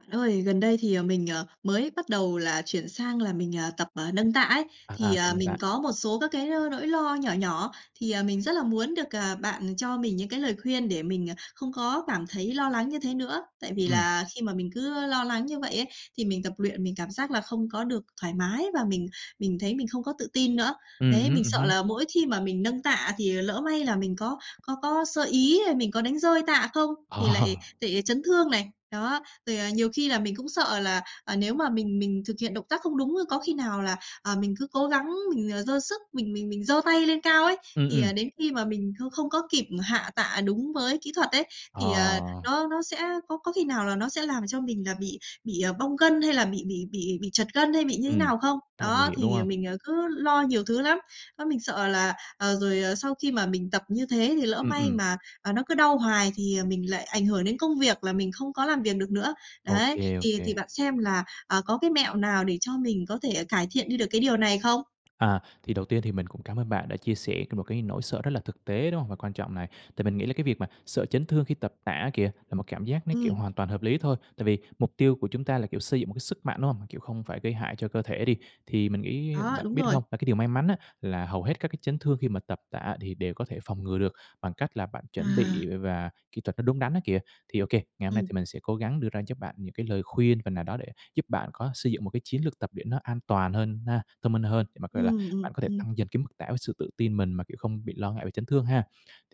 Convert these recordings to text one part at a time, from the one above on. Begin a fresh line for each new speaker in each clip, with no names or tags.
Bạn ơi, gần đây thì, ờ, mình, ờ, mới bắt đầu là chuyển sang là mình, à, tập, à, nâng tạ ấy. Thì,
À, tập
à,
nâng tạ.
mình có một số các cái, a, nỗi lo nhỏ nhỏ thì, à, mình rất là muốn được, à, bạn, ừm, cho mình những cái lời khuyên để mình, à, không có cảm thấy lo lắng như thế nữa. Tại vì
Ừm.
là khi mà mình cứ, ơ, lo lắng như vậy ấy, thì mình tập luyện, mình cảm giác là không có được thoải mái và mình mình thấy mình không có tự tin nữa.
Ừ
Đấy,
hứm,
mình
ừ
sợ
hứm.
là mỗi khi mà mình nâng tạ thì lỡ may là mình có có có sơ ý, mình có đánh rơi tạ không thì lại
Ờ.
lại chấn thương này. Đó. Rồi, à, nhiều khi là mình cũng sợ là, à, nếu mà mình mình thực hiện động tác không đúng, a, có khi nào là, à, mình cứ cố gắng mình, ờ, giơ sức, mình mình mình giơ tay lên cao ấy,
Ừm,
thì,
ừm.
à, đến khi mà mình không không có kịp hạ tạ đúng với kỹ thuật ấy,
Ờ.
thì, ờ, nó nó sẽ có có khi nào là nó sẽ làm cho mình là bị bị, à, bong gân hay là bị bị bị bị trật gân hay bị như thế
Ừm.
nào không?
Rất là nguy
Đó,
hiểm, đúng
thì, à,
không?
mình, à, cứ lo nhiều thứ lắm. Đó mình sợ là, ờ, rồi, ờ, sau khi mà mình tập như thế thì lỡ
Ừm,
may
ừm.
mà, à, nó cứ đau hoài thì, à, mình lại ảnh hưởng đến công việc là mình không có làm việc được nữa.
Ô
Đấy,
kê, ô
thì thì
kê.
bạn xem là, à, có cái mẹo nào để cho mình có thể, à, cải thiện đi được cái điều này không?
À, thì đầu tiên thì mình cũng cảm ơn bạn đã chia sẻ cái một cái nỗi sợ rất là thực tế, đúng hông? Và quan trọng này, tại mình nghĩ là cái việc mà sợ chấn thương khi tập tạ á kìa là một cảm giác nó, kiểu,
Ừm.
hoàn toàn hợp lý thôi. Tại vì mục tiêu của chúng ta là, kiểu, xây dựng một cái sức mạnh hông? Mà, kiểu, không phải gây hại cho cơ thể đi. Thì mình nghĩ
Đó,
bạn
đúng
biết
rồi.
hông? Và cái điều may mắn á là hầu hết các cái chấn thương khi mà tập tạ thì đều có thể phòng ngừa được bằng cách là bạn chuẩn
À.
bị v và kỹ thuật nó đúng đắn á kìa. Thì ô kê, ngày hôm nay thì
Ừm.
mình sẽ cố gắng đưa ra giúp bạn những cái lời khuyên phần nào đó để giúp bạn có xây dựng một cái chiến lược tập luyện nó an toàn hơn ha, thông minh hơn, để mà, gọi là,
Ừm, ừm,
bạn có thể
ừm.
tăng dần cái mức tạ với sự tự tin, mình mà, kiểu, không bị lo ngại về chấn thương ha.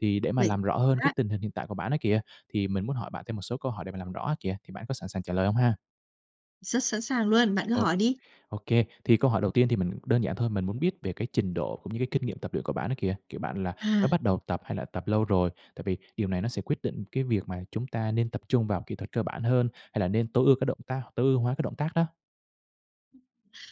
Thì để mà
Vậy
làm rõ hơn cái
[unintelligible]
tình hình hiện tại của bạn á kìa, thì mình muốn hỏi bạn thêm một số câu hỏi để mà làm rõ á kìa, thì bạn có sẵn sàng trả lời hông ha?
Rất sẵn sàng luôn, bạn cứ
Ô
hỏi đi.
ô kê. Thì câu hỏi đầu tiên thì mình đơn giản thôi, mình muốn biết về cái trình độ cũng như cái kinh nghiệm tập luyện của bạn ấy kìa. Kiểu bạn là mới
À.
bắt đầu tập hay là tập lâu rồi? Tại vì điều này nó sẽ quyết định cái việc mà chúng ta nên tập trung vào kỹ thuật cơ bản hơn hay là nên tối ưu cái động tác tối ưu hóa cái động tác á.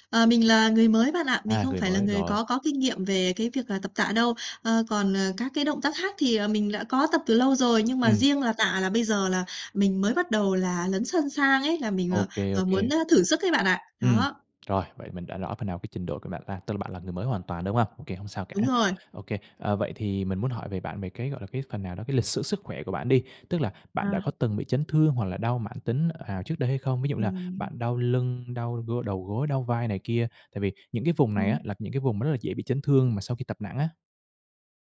Ờ, mình là người mới bạn ạ. Mình
À,
không
người
phải là
mới,
người
rồi.
có có kinh nghiệm về cái việc, à, tập tạ đâu. Ờ, còn các cái động tác khác thì, à, mình đã có tập từ lâu rồi, nhưng mà
Ừm.
riêng là tạ là bây giờ là mình mới bắt đầu là lấn sân sang ấy, là mình,
Ô kê, ô
ờ, muốn,
kê.
ơ, thử sức ấy bạn ạ!
Ừm,
Đó.
rồi, vậy mình đã rõ phần nào cái trình độ của bạn ha, tức là bạn là người mới hoàn toàn, đúng hông? Ô kê, không sao cả.
Đúng rồi.
Ô kê. À, vậy thì mình muốn hỏi về bạn về cái, gọi là, cái phần nào đó cái lịch sử sức khỏe của bạn đi. Tức là bạn đã
À.
có từng bị chấn thương hoặc là đau mãn tính, ờ, ào trước đây hay không? Ví dụ như là
Ừm.
bạn đau lưng, đau gô đầu gối, đau vai này kia tại vì những cái vùng này á
Ừm.
là những cái vùng rất là dễ bị chấn thương mà sau khi tập nặng á.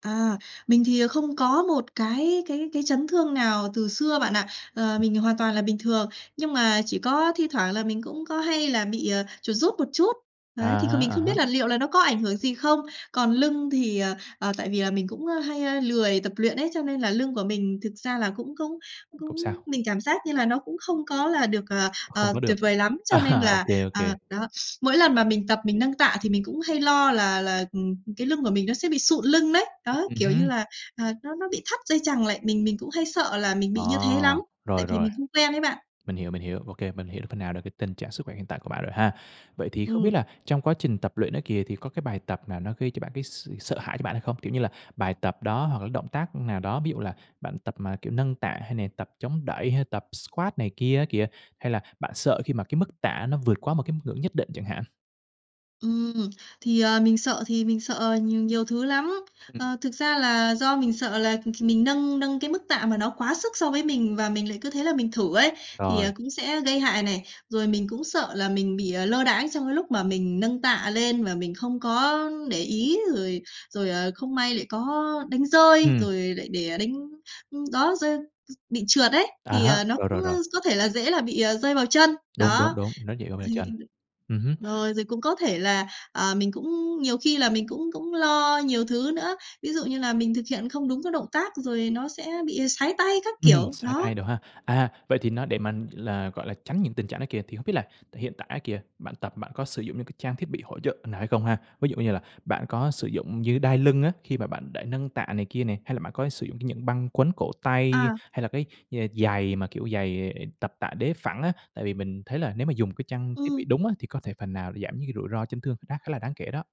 À, mình thì không có một cái cái cái chấn thương nào từ xưa bạn ạ. Ờ, mình hoàn toàn là bình thường. Nhưng mà chỉ có thi thoảng là mình cũng có hay là bị, à, chuột rút một chút.
À
Đấy, thì kh
há,
mình không
à
biết
há.
là liệu là nó có ảnh hưởng gì không? Còn lưng thì, ờ, ờ, tại vì là mình cũng, a, hay lười tập luyện ấy, cho nên là lưng của mình thực ra là cũng cũng cũng
Không sao.
mình cảm giác như là nó cũng không có là được, ờ,
Không
ờ,
có được.
tuyệt vời lắm. Cho nên
À, ô
là,
kê, ô kê!
à, đó, mỗi lần mà mình tập mình nâng tạ thì mình cũng hay lo là là cái lưng của mình nó sẽ bị sụn lưng đấy. Đó,
Ừ
kiểu, như
hứ.
là, ờ, nó nó bị thắt dây chằng lại, mình mình cũng hay sợ là mình
Ờ,
bị như thế lắm tại
rồi,
vì
rồi.
mình không quen ấy bạn.
Mình hiểu, mình hiểu. Ô kê, mình hiểu phần nào được cái tình trạng sức khỏe hiện tại của bạn rồi ha. Vậy thì không biết
Ừm.
là trong quá trình tập luyện đó kìa thì có cái bài tập nào nó gây cho bạn cái s sợ hãi cho bạn hay không? Kiểu như là, bài tập đó hoặc là động tác nào đó, ví dụ là bạn tập mà kiểu nâng tạ hay nè tập chống đẩy hay tập squat này kia á kìa? Hay là bạn sợ khi mà cái mức tạ nó vượt quá một cái ngưỡng nhất định chẳng hạn?
Ừm, thì, ờ, mình sợ thì mình sợ, ờ, nhiều thứ lắm.
Ừm.
Ờ, thực ra là do mình sợ là, kh mình nâng nâng cái mức tạ, mà nó quá sức so với mình và mình lại cứ thế là mình thử ấy, thì,
Rồi.
à, cũng sẽ gây hại này. Rồi mình cũng sợ là mình bị, ờ, lơ đãng trong cái lúc mà mình nâng tạ lên và mình không có để ý rồi rồi, à, không may lại có đánh rơi,
Ừm.
rồi lại để đánh ưm, đó, rơi bị trượt ấy,
À
thì,
há,
ờ, nó
rồi, rồi,
cũng, ơ,
rồi.
có thể là dễ là bị, ờ, rơi vào chân.
Đúng, đúng
Đó.
đúng, nó dễ rơi vào
Hay
chân.
[unintelligible]
Ừ hứm.
Rồi rồi cũng có thể là, ờ, mình cũng nhiều khi là mình cũng cũng lo nhiều thứ nữa. Ví dụ như là mình thực hiện không đúng các động tác rồi nó sẽ bị sái tay các
Ừm,
kiểu.
sái
Đó.
tay đồ ha. À, vậy thì nó để mà là, gọi là, tránh những tình trạng đó kìa, thì hông biết là tại hiện tại á kìa, bạn tập bạn có sử dụng những cái trang thiết bị hỗ trợ nào hay không ha? Ví dụ như là bạn có sử dụng dây đai lưng á, khi mà bạn để nâng tạ này kia nè, hay là bạn có sử dụng cái những băng quấn cổ tay,
À.
hay là cái như là giày mà, kiểu, giày tập tạ đế phẳng á. Tại vì mình thấy là nếu mà dùng cái trang thiết bị
Ừm.
đúng á thì có thể phần nào để giảm những cái rủi ro chấn thương khác khá là đáng kể đó.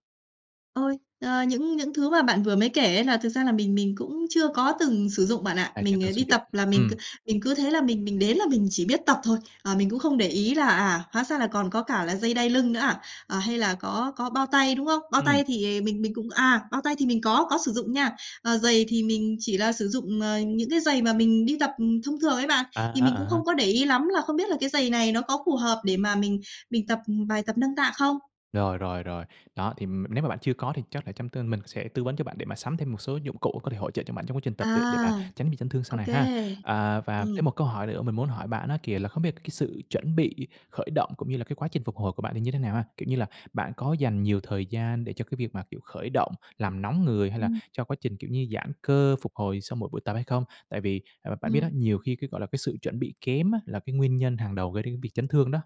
Ôi, ờ, những những thứ mà bạn vừa mới kể ấy là thực ra là mình mình cũng chưa có từng sử dụng bạn ạ,
À, chưa
mình,
từng
ờ,
sử
đi
dụng.
tập là mình c
Ừm.
mình cứ thế là mình mình đến là mình chỉ biết tập thôi, à, mình cũng không để ý là, à, hóa ra là còn có cả là dây đai lưng nữa à? À, hay là có có bao tay, đúng không? Bao
Ừm.
tay thì, à, mình mình cũng à, bao tay thì mình có, có sử dụng nha, ờ, giày thì mình chỉ là sử dụng, ờ, những cái giày mà mình đi tập thông thường ấy bạn,
A
thì
há,
mình cũng
à há.
không có để ý lắm là không biết là cái giày này nó có phù hợp để mà mình mình tập bài tập nâng tạ không?
Rồi, rồi, rồi. Đó, thì m nếu mà bạn chưa có thì chắc là trong tương mình sẽ tư vấn cho bạn, để mà sắm thêm một số dụng cụ có thể hỗ trợ cho bạn trong quá trình tập luyện, để mà
À,
tránh bị chấn thương sau
ô
này ha.
kê,
À, và thêm một
ừm.
câu hỏi nữa mình muốn hỏi bạn á kìa, là không biết là cái sự chuẩn bị khởi động cũng như là cái quá trình phục hồi của bạn thì như thế nào ha? Kiểu như là bạn có dành nhiều thời gian để cho cái việc mà, kiểu, khởi động làm nóng người, hay là
Ừm.
cho quá trình, kiểu như, giãn cơ phục hồi sau mỗi buổi tập hay không? Tại vì à, mà bạn biết á,
Ừm.
nhiều khi cái, gọi là, cái sự chuẩn bị kém á, là cái nguyên nhân hàng đầu gây đến việc chấn thương đó.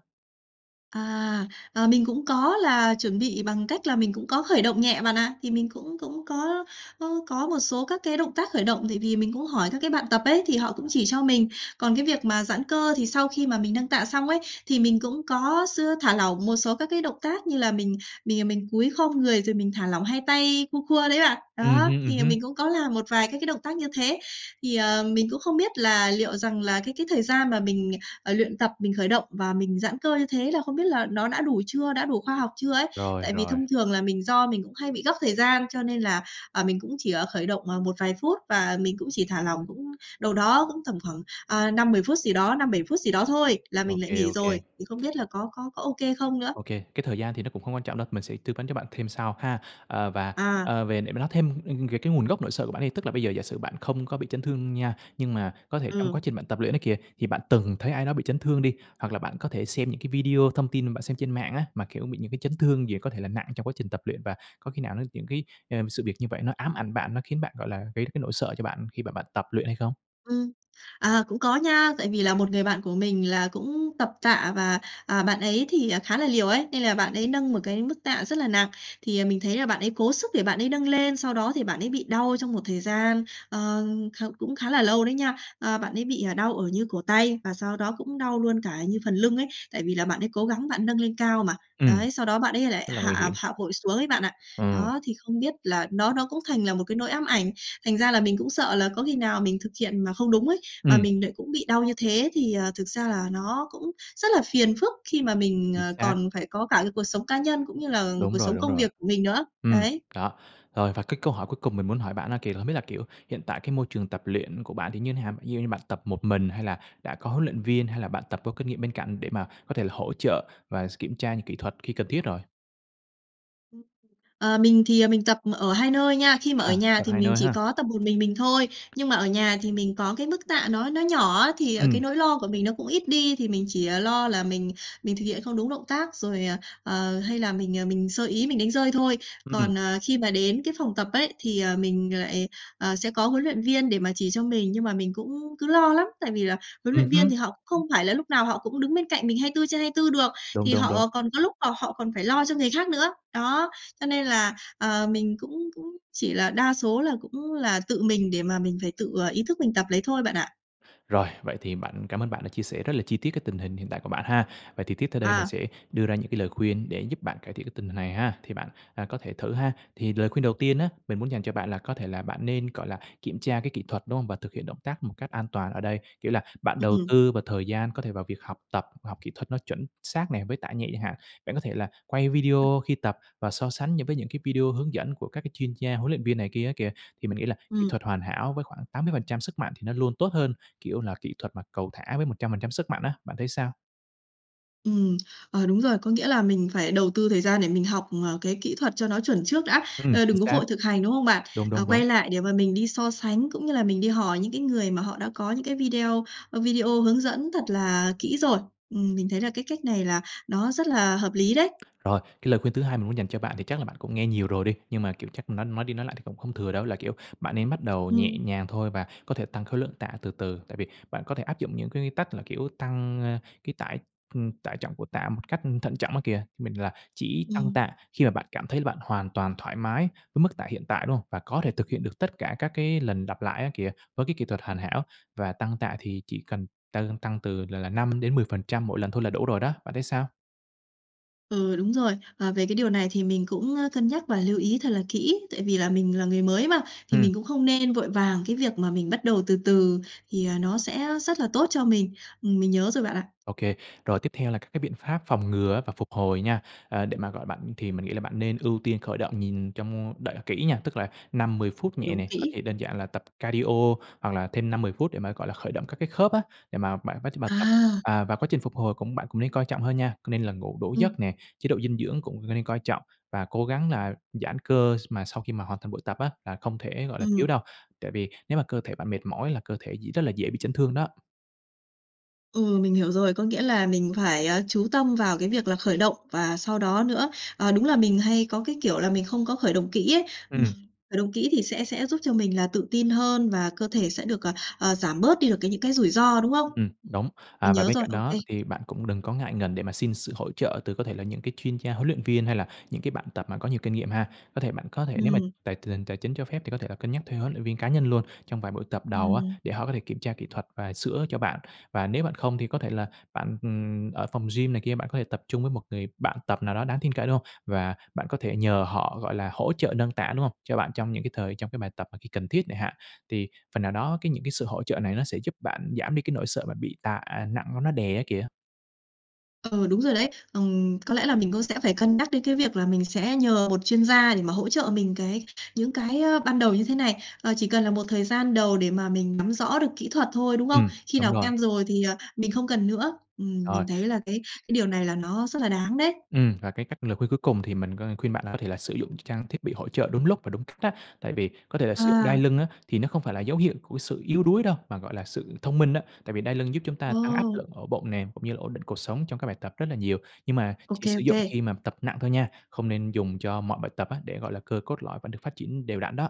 À, ờ, mình cũng có là chuẩn bị bằng cách là mình cũng có khởi động nhẹ bạn ạ. Thì mình cũng cũng có có có một số các cái động tác khởi động tại vì mình cũng hỏi các cái bạn tập ấy, thì họ cũng chỉ cho mình, còn cái việc mà giãn cơ thì sau khi mà mình nâng tạ xong ấy, thì mình cũng có x thả lỏng một số các cái động tác như là mình mình, à, mình cúi khom người, rồi mình thả lỏng hai tay khua khua đấy bạn.
Ừm
Đó,
hưm, ừm
thì là
hứm.
mình cũng có làm một vài các cái động tác như thế, thì, ờ, mình cũng không biết là liệu rằng là cái cái thời gian mà mình, ờ, luyện tập mình khởi động và mình giãn cơ như thế là không biết là nó đã đủ chưa? Đã đủ khoa học chưa ấy?
Rồi,
Tại vì
rồi.
thông thường là mình do mình cũng hay bị gấp thời gian cho nên là, ờ, mình cũng chỉ ở khởi động, ờ, một vài phút và mình cũng chỉ thả lỏng cũng đầu đó cũng tầm khoảng, ờ, 5-10 phút gì đó, 5-7 phút gì đó thôi là
Ô
mình lại
kê,
nghỉ
ô kê.
rồi, thì không biết là có có có ô kê không nữa?
Ô kê, cái thời gian thì nó cũng hông quan trọng đâu, mình sẽ tư vấn cho bạn thêm sau ha. Ờ, và,
À.
ờ, về để mà nói thêm, ừm, về cái nguồn gốc nỗi sợ của bạn đi, tức là bây giờ giả sử bạn không có bị chấn thương nha, nhưng mà có thể trong quá
Ừm.
trình bạn tập luyện ấy kìa, thì bạn từng thấy ai đó bị chấn thương đi, hoặc là bạn có thể xem những cái video thông tin mà bạn xem trên mạng á, mà, kiểu, bị những cái chấn thương gì có thể là nặng trong quá trình tập luyện, và có khi nào nó những cái, ừm, sự việc như vậy nó ám ảnh bạn, nó khiến bạn, gọi là, gây ra cái nỗi sợ cho bạn khi mà bạn tập luyện hay không?
Ừm, à, cũng có nha, tại vì là một người bạn của mình là cũng tập tạ và, à, bạn ấy thì, à, khá là liều ấy, nên là bạn ấy nâng một cái mức tạ rất là nặng. Thì, à, mình thấy là bạn ấy cố sức để bạn ấy nâng lên, sau đó thì bạn ấy bị đau trong một thời gian, ờ, kh cũng khá là lâu đấy nha. Ờ, bạn ấy bị, à, đau ở như cổ tay và sau đó cũng đau luôn cả như phần lưng ấy, tại vì là bạn ấy cố gắng bạn nâng lên cao mà,
Ừm.
đấy, sau đó bạn ấy lại
Rất là nguy
hạ
hiểm.
hạ vội xuống ấy bạn ạ.
Ừm.
Đó, thì không biết là nó nó cũng thành là một cái nỗi ám ảnh, thành ra là mình cũng sợ là có khi nào mình thực hiện mà không đúng ấy, mà
Ừm.
mình nại cũng bị đau như thế thì, ờ, thực ra là nó cũng rất là phiền phức khi mà mình,
Chính
ờ,
xác.
còn phải có cả cái cuộc sống cá nhân cũng như là
Đúng
cuộc
rồi,
sống
đúng
công
rồi.
việc của mình nữa.
Ừm,
Đấy.
đó, rồi. Và cái câu hỏi cuối cùng mình muốn hỏi bạn á kìa là không biết là, kiểu, hiện tại cái môi trường tập luyện của bạn thì như nào? Ví dụ như bạn tập một mình hay là đã có huấn luyện viên, hay là bạn tập có kinh nghiệm bên cạnh, để mà có thể là hỗ trợ và s kiểm tra những kỹ thuật khi cần thiết rồi?
Ờ, mình thì, à, mình tập ở 2 nơi nha, khi mà ở
À,
nhà
tập
thì
2
mình
nơi
chỉ
ha.
có tập một mình mình thôi, nhưng mà ở nhà thì mình có cái mức tạ nó nó nhỏ á, thì cái
Ừm.
nỗi lo của mình nó cũng ít đi, thì mình chỉ, à, lo là mình mình thực hiện không đúng động tác, rồi, à, ờ, hay là mình, à, mình sơ ý mình đánh rơi thôi.
Ừm.
Còn, ờ, khi mà đến cái phòng tập ấy, thì, ờ, mình lại, ờ, sẽ có huấn luyện viên để mà chỉ cho mình nhưng mà mình cũng cứ lo lắm. Tại vì là huấn
Ừm
luyện viên
hứm.
thì họ cũng không phải là lúc nào họ cũng đứng bên cạnh mình 24/24 được,
Đúng,
thì
đúng, đúng.
họ còn có lúc là họ còn phải lo cho người khác nữa, đó. Cho nên là, ờ, mình cũng cũng chỉ là đa số là cũng là tự mình, để mà mình phải tự, ờ, ý thức mình tập lấy thôi bạn ạ.
Rồi, vậy thì bạn cảm ơn bạn đã chia sẻ rất là chi tiết cái tình hình hiện tại của bạn ha, vậy thì tiếp theo đây mình
À.
sẽ đưa ra những cái lời khuyên, để giúp bạn cải thiện cái tình hình này ha, thì bạn, à, có thể thử ha. Thì lời khuyên đầu tiên á, mình muốn dành cho bạn là có thể là bạn nên, gọi là, kiểm tra cái kỹ thuật, đúng hông, và thực hiện động tác một cách an toàn ở đây, kiểu, là bạn đầu
Ừm.
tư vào thời gian có thể vào việc học tập, học kỹ thuật nó chuẩn xác nè với tạ nhẹ chẳng hạn. Bạn có thể là quay
[unintelligible]
video khi tập và so sánh những với những cái video hướng dẫn của các cái chuyên gia, huấn luyện viên này kia á kìa, thì mình nghĩ là kỹ
Ừm.
thuật hoàn hảo với khoảng 80% sức mạnh thì nó luôn tốt hơn, kiểu, là kỹ thuật mà cầu thả với 100% sức mạnh á, bạn thấy sao?
Ừm, ờ, đúng rồi, có nghĩa là mình phải đầu tư thời gian để mình học, ờ, cái kỹ thuật cho nó chuẩn trước đã,
Ừm,
ơ,
chính
đừng có
xác.
vội thực hành, đúng không bạn?
Đúng,
Ờ,
đúng, đúng.
quay lại để mà mình đi so sánh, cũng như là mình đi hỏi những cái người mà họ đã có những cái video, ơ, video hướng dẫn thật là kỹ rồi, ừm, mình thấy là cái cách này là nó rất là hợp lý đấy.
Rồi, cái lời khuyên thứ hai mình muốn dành cho bạn thì chắc là bạn cũng nghe nhiều rồi đi, nhưng mà, kiểu, chắc nói nói đi, nói lại thì cũng không thừa đâu, là, kiểu, bạn nên bắt đầu nhẹ
Ừm.
nhàng thôi và có thể tăng khối lượng tạ từ từ. Tại vì bạn có thể áp dụng những cái quy tắc là, kiểu, tăng, a, cái tải, ừm, tải trọng của tạ một cách thận trọng á kìa, mình là chỉ tăng
Ừm.
tạ khi mà bạn cảm thấy bạn hoàn toàn thoải mái với mức tạ hiện tại, đúng hông? Và có thể thực hiện được tất cả các cái lần lặp lại á kìa, với cái kỹ thuật hoàn hảo và tăng tạ thì chỉ cần tăng lên tăng từ là là 5-10% mỗi lần thôi là đủ rồi đó, bạn thấy sao?
Ừ, đúng rồi. Ờ, về cái điều này thì mình cũng, ơ, cân nhắc và lưu ý thật là kỹ, tại vì là mình là người mới mà, thì
Ừm.
mình cũng không nên vội vàng, cái việc mà mình bắt đầu từ từ thì, ờ, nó sẽ rất là tốt cho mình. Mình nhớ rồi bạn ạ.
Ô kê. Rồi tiếp theo là các cái biện pháp phòng ngừa á và phục hồi nha, à, để mà gọi bạn thì mình nghĩ là bạn nên ưu tiên khởi động nhìn trong đợi kỹ nha, tức là 5-10 phút nhẹ
Đúng
nè, có
kỹ.
thể đơn giản là tập cardio hoặc là thêm 5-10 phút để mà gọi là khởi động các cái khớp á, để mà bạn quá trình mà tập,
À.
à, và quá trình phục hồi cũng bạn cũng nên coi trọng hơn nha, nên là ngủ đủ
Ừ.
giấc nè. Chế độ dinh dưỡng cũng nên coi trọng và cố gắng là giãn cơ s mà sau khi mà hoàn thành buổi tập á là không thể gọi là thiếu
Ừm.
đâu, tại vì nếu mà cơ thể bạn mệt mỏi là cơ thể dị rất là dễ bị chấn thương đó.
Ừ, mình hiểu rồi. Có nghĩa là mình phải, à, chú tâm vào cái việc là khởi động và sau đó nữa, ờ, đúng là mình hay có cái kiểu là mình không có khởi động kỹ ấy, ừ.
Ừm.
Khởi động kỹ thì sẽ sẽ giúp cho mình là tự tin hơn và cơ thể sẽ được, à, à, giảm bớt đi được cái những cái rủi ro, đúng không? Ừ,
Ừm, đúng.
mình
À, và
nhớ
bên
rồi,
cạnh
ô
đó
kê.
thì bạn cũng đừng có ngại ngần để mà xin sự hỗ trợ từ có thể là những cái chuyên gia huấn luyện viên hay là những cái bạn tập mà có nhiều kinh nghiệm ha. Có thể bạn có thể nếu mà
Ừm.
tài tình hình tài chính cho phép thì có thể là cân nhắc thuê huấn luyện viên cá nhân luôn, trong vài buổi tập đầu á,
Ừm.
để họ có thể kiểm tra kỹ thuật và sửa cho bạn. Và nếu bạn không thì có thể là bạn, ừm, ở phòng gym này kia, bạn có thể tập chung với một người bạn tập nào đó đáng tin cậy, đúng không? Và bạn có thể nhờ họ gọi là hỗ trợ nâng tạ, đúng không? Cho bạn trong những cái thời trong cái bài tập khi cần thiết chẳng hạn, thì phần nào đó cái những cái sự hỗ trợ này nó sẽ giúp bạn giảm đi cái nỗi sợ bị tạ nặng nó đè, á, kìa.
Ờ, đúng rồi đấy. Ừm, có lẽ là mình cũng sẽ phải cân nhắc đến cái việc là mình sẽ nhờ một chuyên gia để mà hỗ trợ mình cái những cái, ờ, ban đầu như thế này. Ờ, chỉ cần là một thời gian đầu để mà mình nắm rõ được kỹ thuật thôi, đúng không?
Ừm,
Khi
đúng
nào
rồi.
quen rồi thì, ờ, mình không cần nữa. Ừm,
Rồi.
mình thấy là cái cái điều này là nó rất là đáng đấy.
Ừm, và cái cách lời khuyên cuối cùng thì mình có khuyên bạn là có thể là sử dụng trang thiết bị hỗ trợ đúng lúc và đúng cách á. Tại vì có thể là sử dụng đai
À.
lưng á thì nó không phải là dấu hiệu của sự yếu đuối đâu, mà gọi là sự thông minh á. Tại vì đai lưng giúp chúng ta tăng áp
Ồ.
lực ở bụng nè cũng như là ổn định cột sống trong các bài tập rất là nhiều nhưng mà
Ô
chỉ
kê,
sử
ô
dụng
kê.
khi mà tập nặng thôi nha, không nên dùng cho mọi bài tập á, để gọi là cơ cốt lõi vẫn được phát triển đều đặn đó.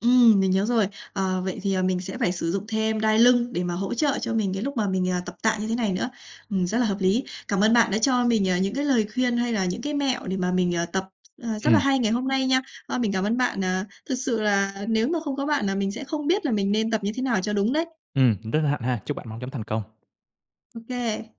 Ừm, mình nhớ rồi. Ờ, vậy thì, ờ, mình sẽ phải sử dụng thêm đai lưng để mà hỗ trợ cho mình cái lúc mà mình, ờ, tập tạ như thế này nữa. Ừm, rất là hợp lý, cảm ơn bạn đã cho mình, à, những cái lời khuyên hay là những cái mẹo để mà mình, à, tập à, rất là
Ừm.
hay ngày hôm nay nha. Ờ, mình cảm ơn bạn, à, thực sự là nếu mà không có bạn là mình sẽ không biết là mình nên tập như thế nào cho đúng đấy.
Ừm, rất hân hạnh ha, chúc bạn mau chóng thành công.
Ô kê.